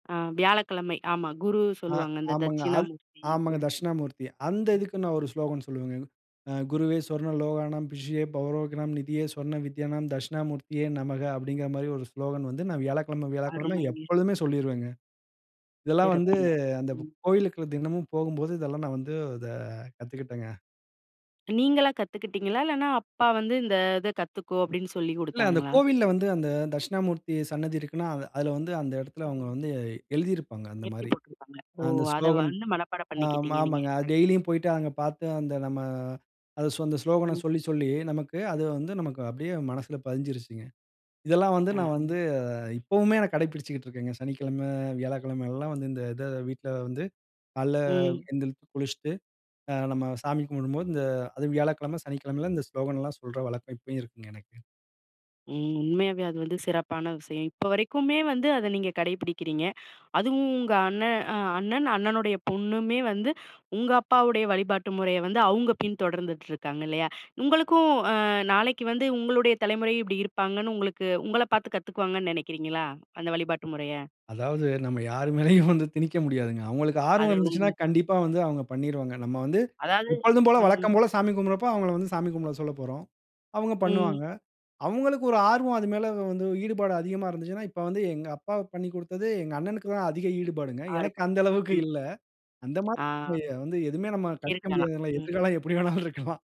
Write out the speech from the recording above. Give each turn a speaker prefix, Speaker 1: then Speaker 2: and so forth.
Speaker 1: ஆ வியாழக்கிழமை ஆமா. குரு
Speaker 2: அ.
Speaker 1: சொல்லுவாங்க இந்த
Speaker 2: ஆமாங்க. அல்
Speaker 1: தட்சிணாமூர்த்தி இது.
Speaker 2: ஆமாங்க தக்ஷிணாமூர்த்திய. அந்த இதுக்கு நான் ஒரு ஸ்லோகன் சொல்லுவேங்க. அ "குருவே சொர்ண லோகாணம். பிஷியே பௌரோகினம் நிதியே சொர்ண வித்யானம் தக்ஷிணாமூர்த்தியே நமஹ." அப்பிடிங்குற மாரி ஒரு ஸ்லோகன் வந்து, நான் வியாழக்கிழம, வியாழக்கிழம
Speaker 1: அருமைங்க.
Speaker 2: எப்பொழுதுமே சொல்லிருவேங்க. இதெல்லாம் வந்து
Speaker 1: சிறப்புங்க.
Speaker 2: அந்த இப்ப
Speaker 1: ம்.
Speaker 2: கோவிலுக்குள்ள தினமும் போகும்போது, இதெல்லாம் நான் வந்து இத கத்துக்கிட்டேங்க.
Speaker 1: நீங்களா கத்துக்கிட்டீங்களா? இல்லன்னா அப்பா வந்து "இந்த இத கத்துக்கோ!" அப்பிடின்னு சொல்லி
Speaker 2: இல்ல. அந்த
Speaker 1: குடுத்தாங்களா?
Speaker 2: கோவில்ல வந்து, அந்த தக்ஷிணாமூர்த்தி சன்னதி இருக்குன்னா, அதில வந்து அந்த இடத்தில அவுங்க
Speaker 1: ம்.
Speaker 2: வந்து எழுதியிருப்பாங்க.
Speaker 1: எழுதி
Speaker 2: அந்தமாரி.
Speaker 1: போட்ருப்பாங்க,
Speaker 2: அ
Speaker 1: ஓ!
Speaker 2: அந்த
Speaker 1: அத
Speaker 2: ஸ்லோகன்
Speaker 1: வந்து மனப்பாடம்
Speaker 2: ஆ ம
Speaker 1: பண்ணிக்கிட்டீங்க! நீங்க.
Speaker 2: ஆமங்க. அது டெய்லியும் போயிட்டு, அங்க பாத்து, அந்த நம்ம, அத சொ அந்த ஸ்லோகன
Speaker 1: ம்.
Speaker 2: சொல்லி, சொல்லி, நமக்கு அது வந்து நமக்கு அப்பிடியே மனசுல பதிஞ்சிருச்சுங்க. இதெல்லாம் வந்து நான்
Speaker 1: அ.
Speaker 2: வந்து, அ இப்பவுமே நான் கடைபிடிச்சுகிட்டு இருக்கேங்க. சனிக்கிழமை, வியாழக்கிழமை எல்லாம் வந்து, இந்த இத வீட்ல வந்து கால்ல
Speaker 1: ம்.
Speaker 2: எந்திரிச்சு குளிச்சிட்டு, அ நம்ம சாமி கும்பிடும்போது இந்த அதும் வியாழக்கிழம சனிக்கிழமையிலாம், இந்த ஸ்லோகன்ல்லாம் சொல்ற வழக்கம் இப்பயும் இருக்குங்க எனக்கு.
Speaker 1: ம். உண்மையாவே அது வந்து சிறப்பான விஷயம். இப்போ வரைக்குமே வந்து, அத நீங்க கடைப்பிடிக்கிறீங்க. அதுவும் உங்க அண்ணன் அ அண்ணன், அண்ணனுடைய பொண்ணுமே வந்து, உங்க அப்பாவுடைய வழிபாட்டு முறைய வந்து அவுங்க பின் தொடர்ந்துட்டு இருக்காங்க இல்லயா! உங்களுக்கும், அ நாளைக்கு வந்து உங்களுடைய தலைமுறை இப்பிடி இருப்பாங்கன்னு, உங்களுக்கு உங்கள பாத்து கத்துக்குவாங்கன்னு நெனைக்கிறீங்களா? அந்த வழிபாட்டு முறைய.
Speaker 2: அதாவது நம்ம யார் மேலயும் வந்து திணிக்க முடியாதுங்க அவுங்களுக்கு ஆர்வம்
Speaker 1: அது
Speaker 2: இருந்துச்சுன்னா,
Speaker 1: உண்மைதான்.
Speaker 2: கண்டிப்பா வந்து அவுங்க பண்ணிருவாங்க. நம்ம வந்து,
Speaker 1: அதாவது
Speaker 2: எப்போதும் போல,
Speaker 1: ம்.
Speaker 2: வழக்கம் போல சாமி கும்பிடுறப்ப, அவுங்கள வந்து சாமி கும்பிட சொல்லப்போறோம். அவுங்க
Speaker 1: ம்.
Speaker 2: பண்ணுவாங்க. அவுங்களுக்கு ஒரு ஆர்வம் அது மேல வந்து, ஈடுபாடு அதிகமா இருந்துச்சுன்னா, இப்ப வந்து எங்க அப்பா பண்ணிக்குடுத்தது, எங்க அண்ணனுக்கு தான் அதிக ஈடுபாடுங்க. எனக்கு
Speaker 1: ஆர்வம்.
Speaker 2: அந்த அளவுக்கு
Speaker 1: ம்.
Speaker 2: இல்ல. அந்த மாதிரி
Speaker 1: ஆ
Speaker 2: வந்து எதுவுமே நம்ம கணிக்க
Speaker 1: இருக்கலாம்.
Speaker 2: முடியாதுல!
Speaker 1: ம்.
Speaker 2: எதிர்காலம் எப்பிடி வேணாலும் இருக்கலாம்.